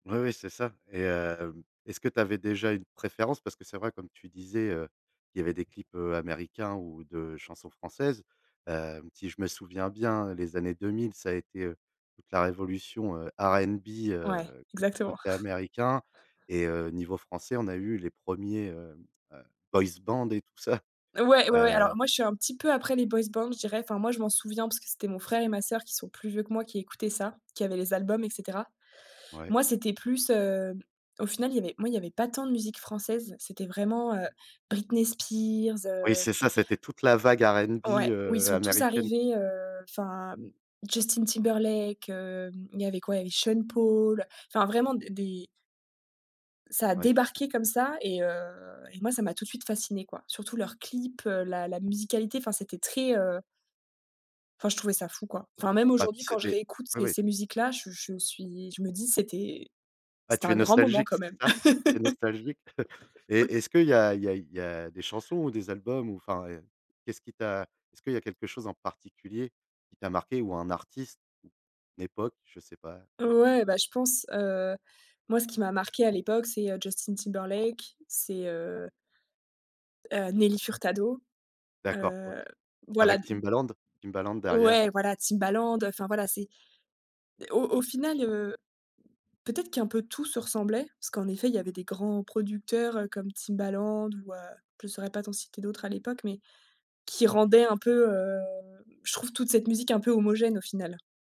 Oui, oui, c'est ça. Et hem est-ce que tu avais déjà une préférence? Parce que c'est vrai, comme tu disais, heu, il y avait des clips, heu, américains ou de chansons françaises, heu, si je me souviens bien, les années 2000, ça a été, heu, toute la révolution, heu, R&B, Ouais, heu, cô exactement. côté américain et heu, niveau français, on a eu les 1ers, heu heu, boys band et tout ça. Ouais, ouais, ouais, alors Heu moi je suis un petit peu après les boys band je dirais, enfin moi je m'en souviens parce c'était mon frère et ma soeur qui sont plus vieux que moi qui écoutaient ça, qui avaient les albums et cetera. Oui. Moi c'était plus, heu, au final il y avait moi il y avait pas tant de musique française. C'était vraiment, heu, Britney Spears, Oui, heu c'est ça, c'était toute la vague R&B, Ouais. Où ils heu, sont tous américaine. arrivés, heu, enfin Justin Timberlake. Hem, il y avait quoi? il y avait Sean Paul, enfin vraiment d des Ca a Ouais, tout est débarqué comme ça et heu et moi ça m'a tout de suite fascinée quoi, surtout leur clip, heu, la la musicalité, enfin c'était très heu enfin je trouvais ça fou, quoi. Enfin même Bah, aujourd'hui quand c'est je des réécoute Oui, ces oui. ces musiques là, je je suis, je me dis: «C'était Ah c'était tu es un grand moment nostalgique, quand c'est même». ça? Tu es nostalgique? Et est-ce qu'il y a il y a il y a des chansons ou des albums ou enfin et qu'est-ce qui t'as Est ce que il y a quelque chose en particulier qui t'as marqué ou un artiste d'époque? Je sais pas heu Ouais, bah, je pense. Heu, moi ce qui m'a marqué à l'époque, c'est heu, Justin Timberlake, c'est heu heu, Nelly Furtado. D'accord, OK. Heu, voilà d Avec Timbaland? Timbaland derrière. Ouais, voilà, Timbaland enfin voilà c'est au au final, heu, peut être qu'un peu tout se ressemblait parce qu'en effet il y avait des grands producteurs, heu, comme Timbaland ou heu, je saurais pas t'en citer d'autres à l'époque, mais qui rendaient un peu, heu, je trouve toute cette musique un peu homogène au final.